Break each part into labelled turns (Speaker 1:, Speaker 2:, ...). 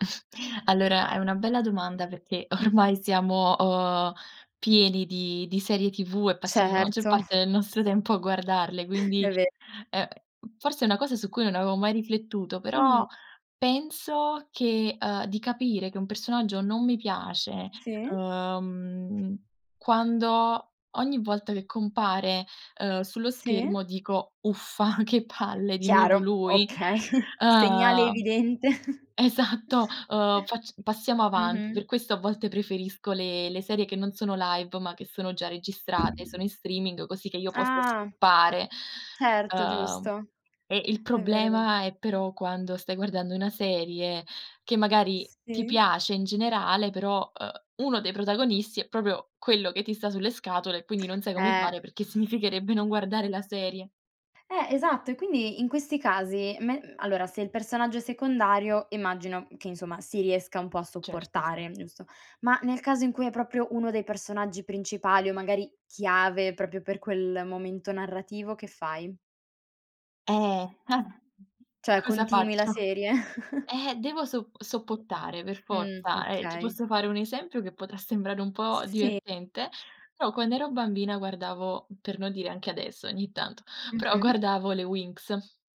Speaker 1: Allora, è una bella domanda perché
Speaker 2: Mh.
Speaker 1: ormai siamo o pieni di di serie TV e passiamo la maggior
Speaker 2: Certo.
Speaker 1: parte del nostro tempo a guardarle, quindi,
Speaker 2: È ve
Speaker 1: uhm, forse è una cosa su cui non avevo mai riflettuto, però
Speaker 2: Mh.
Speaker 1: penso che, uhm, di capire che un personaggio non mi piace,
Speaker 2: Sì.
Speaker 1: uhm, quando ogni volta che compare, ehm, sullo
Speaker 2: Sì.
Speaker 1: schermo dico: "Uffa, che palle di nuovo
Speaker 2: Chiaro,
Speaker 1: lui".
Speaker 2: okay. Segnale
Speaker 1: Uhm
Speaker 2: evidente.
Speaker 1: esatto, uhm: "fac passiamo avanti".
Speaker 2: Mh-mh.
Speaker 1: Per questo a volte preferisco le le serie che non sono live ma che sono già registrate, sono in streaming così che io possa
Speaker 2: Ah.
Speaker 1: skippare.
Speaker 2: Certo,
Speaker 1: Ehm,
Speaker 2: giusto.
Speaker 1: e il
Speaker 2: È vero, è vero.
Speaker 1: problema è però quando stai guardando una serie che magari, ti
Speaker 2: Sì.
Speaker 1: piace in generale, però, uhm, uno dei protagonisti è proprio quello che ti sta sulle scatole e quindi non sai come
Speaker 2: Eh.
Speaker 1: fare perché significherebbe non guardare la serie.
Speaker 2: Eh esatto, e quindi in questi casi, me allora se il personaggio è secondario, immagino che insomma si riesca un po' a
Speaker 1: Certo, sì.
Speaker 2: sopportare, giusto? Ma nel caso in cui è proprio uno dei personaggi principali o magari chiave proprio per quel momento narrativo, che fai?
Speaker 1: Ehm,
Speaker 2: Cioè
Speaker 1: Cosa
Speaker 2: continui la
Speaker 1: faccio?
Speaker 2: serie?
Speaker 1: Ehm, devo so sopportare per
Speaker 2: Mh,
Speaker 1: forza, eh, ti
Speaker 2: okay.
Speaker 1: posso fare un esempio che potrà sembrare un po'
Speaker 2: Sì.
Speaker 1: divertente, però quando ero bambina guardavo per non dire anche adesso, ogni tanto, però
Speaker 2: Mh-mh.
Speaker 1: guardavo le Winx,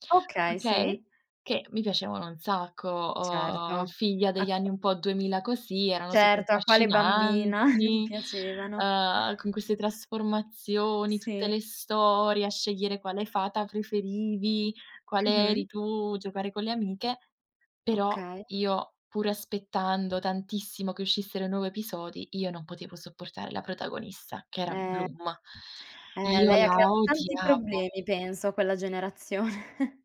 Speaker 2: Okay, sì.
Speaker 1: okay? Che mi piacevano un sacco, uhm,
Speaker 2: Certo
Speaker 1: figlia
Speaker 2: a
Speaker 1: degli anni
Speaker 2: qu
Speaker 1: un po' 2000 così, erano super
Speaker 2: Certo a quale bambina non
Speaker 1: affascinanti,
Speaker 2: piacevano.
Speaker 1: uhm, con queste trasformazioni, tutte
Speaker 2: Sì.
Speaker 1: le storie, a scegliere quale fata preferivi, quale eri
Speaker 2: Mh-mh.
Speaker 1: tu, giocare con le amiche; però
Speaker 2: Okay.
Speaker 1: io, pur aspettando tantissimo che uscissero i nuovi episodi, io non potevo sopportare la protagonista che era
Speaker 2: Eh.
Speaker 1: Bloom.
Speaker 2: Eh
Speaker 1: Io
Speaker 2: lei ha
Speaker 1: la
Speaker 2: creato tanti
Speaker 1: odiavo.
Speaker 2: problemi, penso, a quella generazione.